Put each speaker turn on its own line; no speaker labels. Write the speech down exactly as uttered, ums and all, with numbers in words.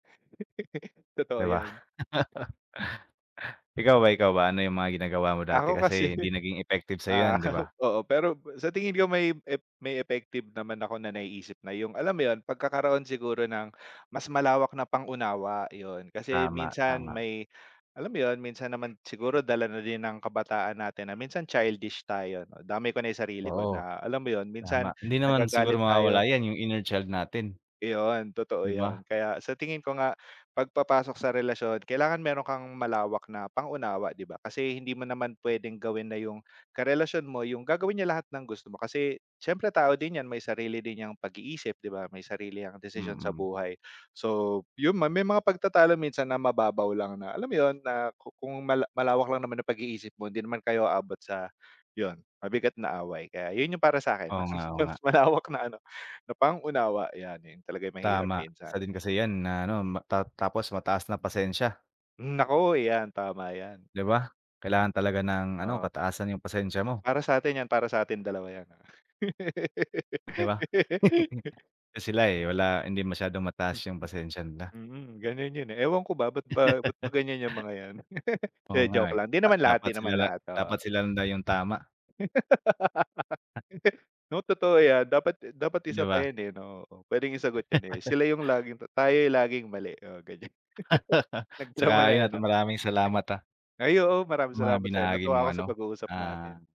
'Di
Totoo
ba?
yan.
Ikaw ba, ikaw ba, ano yung mga ginagawa mo dati,
Ako kasi,
kasi hindi naging effective sa'yo yun,
ah,
di ba?
oo. Pero sa tingin ko may ef may effective naman ako na naiisip na yung, alam mo yun, pagkakaroon siguro ng mas malawak na pang-unawa, yun, kasi
Tama,
minsan
tama.
may, alam mo yun, minsan naman siguro dala na din ng kabataan natin na minsan childish tayo, damay ko na yung sarili ko
Oo.
na, alam mo yun, minsan
Tama. Hindi naman
nagagalit
siguro
tayo.
mawawala yan, yung inner child natin.
Iyon, totoo
'Di ba?
yun. Kaya sa tingin ko nga 'pag papasok sa relasyon kailangan meron kang malawak na pang-unawa, di ba? Kasi hindi mo naman puwedeng gawin na yung karelasyon mo yung gagawin niya lahat ng gusto mo, kasi siyempre tao din yan, may sarili din 'yang pag-iisip, di ba, may sarili 'yang desisyon sa
Mm.
buhay. So, yun, may mga pagtatalo minsan na mababaw lang na, alam mo yun, na ku kung mala malawak lang naman yung pag-iisip mo hindi naman kayo abot sa yun, mabigat na away. Kaya yun yung para sa'kin,
Oo
mas
nga, oo nga.
mas malawak na ano, na pang-unawa, yan. Yun talaga ay mahirap
Tama,
minsan.
isa din kasi yan na ano, ta tapos mataas na pasensya.
Hmm, naku. Yan, tama yan.
'Di ba? Kailangan talaga ng ano,
Op
kataasan yung pasensya mo.
Para sa atin, 'yan, para sa atin dalawa yan.
'Di ba? Kasi sila, eh, wala hindi masyadong mataas yung pasensya nila.
Hmm, ganiyan yun, eh. Ewan ko ba, ba't ba ba't ba ganiyan yang mga 'yan. Di,
Oo nga
joke
eh,
lang, di
ah,
naman lahat,
dapat
di
sila
naman
la
lahat, oo.
dapat sila lang daw yung tama.
'No? Totoo yan. Dapat dapat isa
'Di
pa
ba?
yan, eh, 'no? Oo, puwedeng isagot yan eh. Sila yung laging tayo yung laging mali, oo, ganiyan.
'Tsaka
Nagdrama na
yun
eh,
at
'no?
maraming salamat, ah.
Ay, oo. Maraming
Yung mga
salamat sa'yo,
binahagi
natuwa
mo
ako sa
ano,
pag uusap natin.
ah